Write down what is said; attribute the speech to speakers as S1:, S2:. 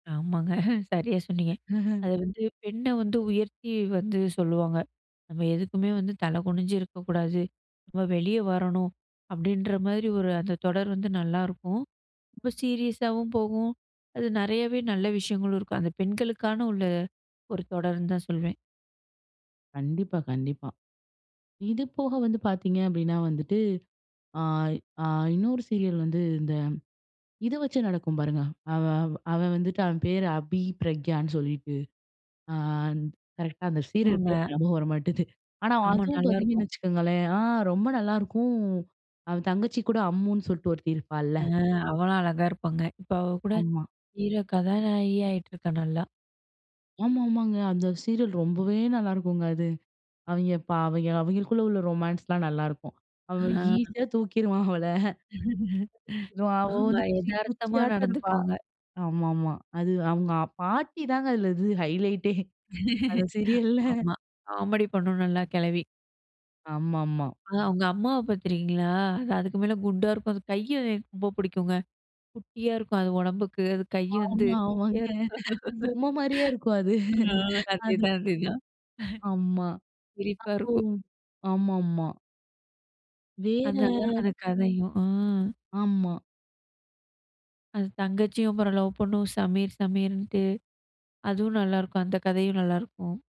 S1: ஆமாங்க. சரியா சொன்னீங்க. அத வந்து பெண்ண வந்து உயர்த்தி வந்து சொல்லுவாங்க. "நம்ம எதுக்குமே வந்து தலை குனிஞ்சு இருக்கக்கூடாது. நம்ம வெளிய வரணும்" அப்பிடின்ற மாதிரி ஒரு அந்த தொடர் வந்து நல்லாருக்கும். ரொம்ப சீரியஸாவும் போகும். அது நெறையாவே நல்ல விஷயங்களும் இருக்கும். அந்த பெண்களுக்கான உள்ள, ஒரு தொடருன்னு தான் சொல்வேன்.
S2: கண்டிப்பா கண்டிப்பா. இதுபோக வந்து பாத்தீங்க அப்பிடின்னா வந்துட்டு, ஆ, ஆ, இன்னொரு சீரியல் வந்து இந்த இத வச்சு நடக்கும் பாருங்க. அவன் அவன் வந்துட்டு, அவன் பேரு அபி பிரக்யான்னு சொல்லிட்டு, ஆ ந் கரெக்ட்டா அந்த
S1: [unintelligible]
S2: சீரியல் பேரு
S1: ங்க.
S2: ஞாபகம் வர மாட்டுது. ஆனா,
S1: ஆமா.
S2: அதுவும்
S1: நல்லாருக்கும்.
S2: பாத்தீங்கன்னு வச்சுக்கோங்களேன்! ஆ ரொம்ப நல்லாருக்கும், அவன் தங்கச்சிகூட அம்முன்னு சொல்லிட்டு ஒருத்தி இருப்பாள்ல!
S1: ஆ அவ்வள அழகா இருப்பாங்க. இப்ப அவ கூட
S2: ஆமா.
S1: ஹீரோ கதாநாயகியா ஆயிட்டு இருக்கா நல்லா!
S2: ஆமா ஆமாங்க. அந்த சீரியல் ரொம்பவே நல்லாருக்குங்க அது. அவெய்ங்க பா அவெய்ங்க அவய்ங்களுக்குள்ள உள்ள ரொமான்ஸ்லாம் நல்லாருக்கும். அவன்
S1: ஆ.
S2: ஈஸியா தூக்கிருவான் அவள. அதுவும் அவ
S1: ஆமா.
S2: வந்து குச்சி
S1: எதார்த்தமா
S2: குச்சியாட்டம் இருப்பா!
S1: நடந்துக்குவாங்க.
S2: ஆமா ஆமா. அது அவுங்க பாட்டி தாங்க அதில இது ஹைலைட்டே! அந்த சீரியல்ல
S1: ஆமா. காமெடி பண்ணும், நல்லா கெழவி.
S2: ஆமா ஆமா.
S1: அ, அவுங்க அம்மாவ பாத்து இருக்கீங்களா? அது அதுக்கு மேல குண்டா இருக்கும். அது கைய எனக்கு ரொம்ப புடிக்குங்க. குட்டியா இருக்கும். அது ஒடம்புக்கு, அது கை வந்து
S2: ஆமா,
S1: குட்டியா
S2: ஆமாங்க. அது பொம்மைமாரியே இருக்கும் அது,
S1: இருக்கும். ஆ,
S2: அது
S1: அதேதான், அதேதான்.
S2: ஆமா.
S1: சிரிப்பா
S2: அப்போ
S1: இருக்கும்.
S2: ஆமா ஆமா.
S1: அது நல்ல
S2: வேற
S1: [unintelligible] கதையும், ம்.
S2: ஆமா.
S1: அது தங்கச்சியும் அப்புறம் லவ் பண்ணும், சமீர் சமீர்ன்ட்டு, அதுவும் நல்லாருக்கும். அந்த கதையும் நல்லாருக்கும்.